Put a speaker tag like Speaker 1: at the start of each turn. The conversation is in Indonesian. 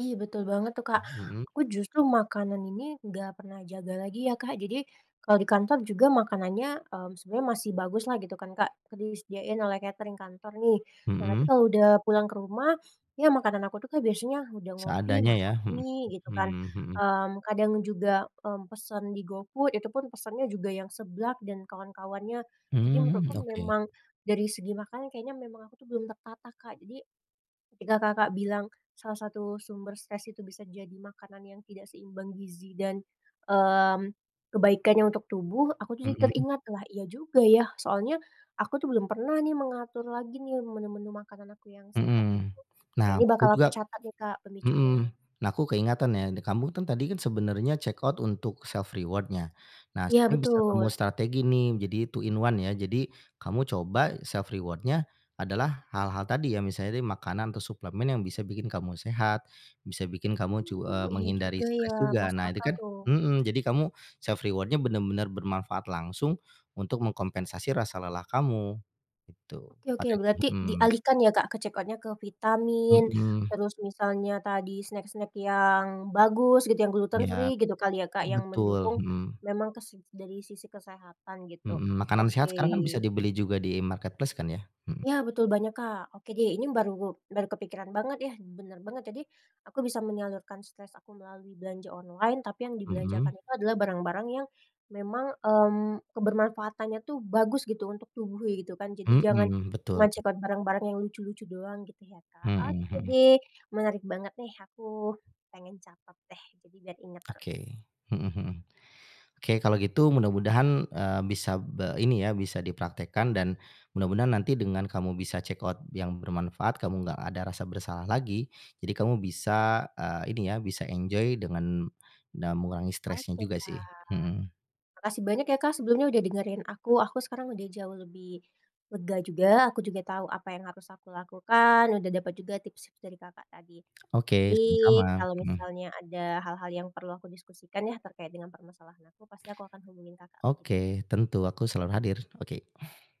Speaker 1: Iya betul banget tuh, Kak.
Speaker 2: Mhm.
Speaker 1: Aku justru makanan ini gak pernah jaga lagi ya, Kak. Jadi, kalau di kantor juga makanannya, mmm, sebenarnya masih baguslah gitu kan, Kak, sering disediain oleh katering kantor nih. Nah tapi
Speaker 2: Mhm.
Speaker 1: kalau udah pulang ke rumah, ya makanan aku tuh, Kak, biasanya udah ngopi,
Speaker 2: Seadanya
Speaker 1: masak
Speaker 2: ya, mhm
Speaker 1: mie gitu kan,
Speaker 2: mhm mhm.
Speaker 1: mmm, kadang juga, mmm, pesen di GoFood itu pun pesannya juga yang seblak dan kawan-kawannya. Jadi
Speaker 2: Mhm,
Speaker 1: menurutku
Speaker 2: oke.
Speaker 1: memang dari segi makanan kayaknya memang aku tuh belum tertata, Kak. Jadi ketika, Kakak, bilang salah satu sumber stres itu bisa jadi makanan yang tidak seimbang gizi dan, mmm, kebaikannya untuk tubuh, aku tuh jadi
Speaker 2: Mhm.
Speaker 1: teringat, "Lah iya juga ya." Soalnya, aku tuh belum pernah nih mengatur lagi nih menu-menu makanan aku yang sehat
Speaker 2: Mhm,
Speaker 1: gitu. Nah
Speaker 2: nah
Speaker 1: ini
Speaker 2: aku
Speaker 1: bakal
Speaker 2: juga
Speaker 1: aku catat nih, Kak,
Speaker 2: mhm.
Speaker 1: pemicunya.
Speaker 2: Nah aku ke ingatan ya de kamu kan tadi kan sebenarnya checkout untuk self reward ya. Nah,
Speaker 1: Iya
Speaker 2: sering bisa kamu
Speaker 1: betul.
Speaker 2: strategi nih jadi 2 in 1 ya, jadi kamu coba self reward-nya adalah hal-hal tadi ya misalnya deh makanan atau suplemen yang bisa bikin kamu sehat, bisa bikin kamu cu
Speaker 1: Oh,
Speaker 2: eee,
Speaker 1: iya
Speaker 2: menghindari
Speaker 1: juga ya,
Speaker 2: stres juga.
Speaker 1: masuk
Speaker 2: Nah itu
Speaker 1: akal
Speaker 2: kan
Speaker 1: tuh.
Speaker 2: mhm. Jadi kamu self reward-nya bener-bener bermanfaat langsung untuk mengkompensasi rasa lelah kamu, gitu
Speaker 1: Oke oke. Berarti
Speaker 2: [unintelligible] mhm.
Speaker 1: dialihkan ya, Kak, ke checkout-nya ke vitamin,
Speaker 2: Mhm.
Speaker 1: terus misalnya tadi snack-snack yang bagus gitu yang gluten
Speaker 2: Iya.
Speaker 1: free gitu kan ya, Kak, yang
Speaker 2: Betul,
Speaker 1: mendukung,
Speaker 2: mhm.
Speaker 1: memang kes dari sisi kesehatan gitu,
Speaker 2: Mhm, makanan sehat
Speaker 1: oke.
Speaker 2: sekarang kan bisa dibeli juga di marketplace kan ya, mhm.
Speaker 1: Ya betul banyak, Kak. Oke deh, ini baru baru kepikiran banget ya, bener banget. Jadi, aku bisa menyalurkan stres aku melalui belanja online tapi yang
Speaker 2: Mhm.
Speaker 1: dibelanjakan itu adalah barang-barang yang memang, mmm, kebermanfaatannya tuh bagus gitu untuk tubuh kayak gitu kan. Jadi jangan
Speaker 2: Mmm, betul.
Speaker 1: nge-check out barang-barang yang lucu-lucu doang gitu ya, Kak.
Speaker 2: Mhm
Speaker 1: Oke
Speaker 2: mhm.
Speaker 1: deh. Menarik banget nih, aku pengen catat deh jadi biar inget terus.
Speaker 2: Oke, mhm mhm. Oke, kalau gitu mudah-mudahan, eee, bisa be ini ya bisa dipraktekkan dan mudah-mudahan nanti dengan kamu bisa check out yang bermanfaat, kamu nggak ada rasa bersalah lagi. Jadi kamu bisa, eee, ini ya, bisa enjoy dengan na mengurangi stresnya
Speaker 1: Oke,
Speaker 2: juga sih,
Speaker 1: Kak.
Speaker 2: mhm.
Speaker 1: Makasih banyak ya, Kak, sebelumnya udah dengerin aku. Aku sekarang udah jauh lebih lega juga, aku juga tau apa yang harus aku lakukan, udah dapet juga tips dari Kakak tadi.
Speaker 2: Oke,
Speaker 1: Nanti
Speaker 2: sama-sama,
Speaker 1: kalo
Speaker 2: mhm.
Speaker 1: misalnya ada hal-hal yang perlu aku diskusikan ya terkait dengan permasalahan aku, pasti aku akan hubungin Kakak lagi nih.
Speaker 2: Oke. Tentu aku selalu hadir, oke.